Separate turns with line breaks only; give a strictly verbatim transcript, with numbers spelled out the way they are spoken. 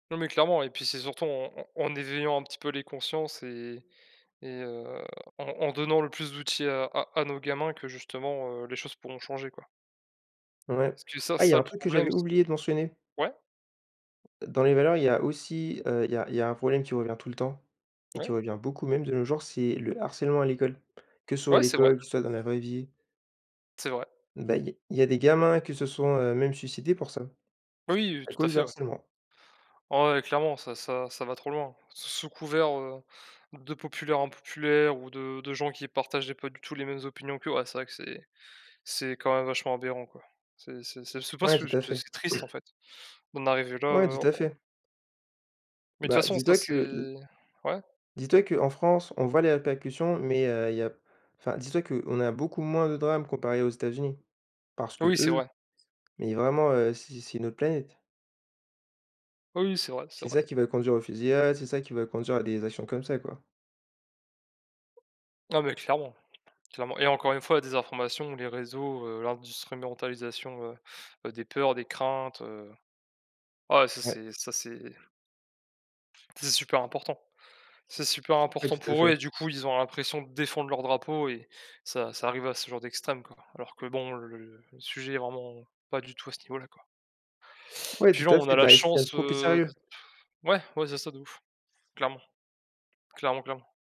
Non, mais clairement et puis c'est surtout en en en éveillant un petit peu les consciences et et heu, en en donnant le plus d'outils à à à nos gamins que justement, heu, les choses pourront changer quoi
Ouais.
parce que ça,
Ah
c'est
il y
ça
un
le
truc que
problème.
j'avais
C'est
oublié de mentionner
ouais?
dans les valeurs il y a aussi, heu, il y a il y a un problème qui revient tout le temps et
Ouais.
qui revient beaucoup même de nos jours, c'est le harcèlement à l'école. Que ce soit à
Ouais c'est vrai.
l'école, que ce soit dans la vraie vie
C'est vrai.
ben, il y a il y a des gamins qui se sont, heu, même suicidés pour ça.
Oui, heu,
À
tout à
cause du
fait, ouais.
harcèlement.
Ouais clairement ça ça ça va trop loin. S sous couvert, heu, de populaires impopulaires ou de de gens qui partageaient pas du tout les mêmes opinions qu'eux, ouais c'est vrai que c'est c'est quand même vachement aberrant quoi. C'est c'est c'est souvent
Ouais
ce
tout à fait.
c'est triste, en fait, d'en arriver là,
Ouais
heu,
tout à
en
fait.
mais de toute
Ben,
façon ça
dis-toi
c'est
que l'
ouais.
dis-toi qu'en France on voit les répercussions mais, heu, il y a enfin dis-toi qu'on a beaucoup moins de drames comparé aux États-Unis. Parce
Oui, oui c'est
qu'eux,
vrai.
mais vraiment, heu, c'est c'est une autre planète.
Oui, oui c'est vrai, c'est
C'est
vrai.
ça qui va conduire aux fusillades, c'est ça qui va conduire à des actions comme ça, quoi.
Ah, mais clairement, clairement, et encore une fois la désinformation, les réseaux, heu, industrimentalisation heu heu, des peurs, des craintes, heu ouais, ça
Ouais.
c'est ça c'est c'est super important, c'est super
Ouais,
important
tout à
pour eux
fait.
et du coup ils ont l'impression de défendre leur drapeau et ça ça arrive à ce genre d'extrême quoi, alors que bon, le sujet est vraiment pas du tout à ce niveau-là quoi
Ouais
puis
tout
genre
à
on a
fait,
la
ben, ils se prennent
chance,
trop au
heu, de
sérieux.
pff, ouais. Ouais c'est ça de ouf, clairement, clairement, clairement.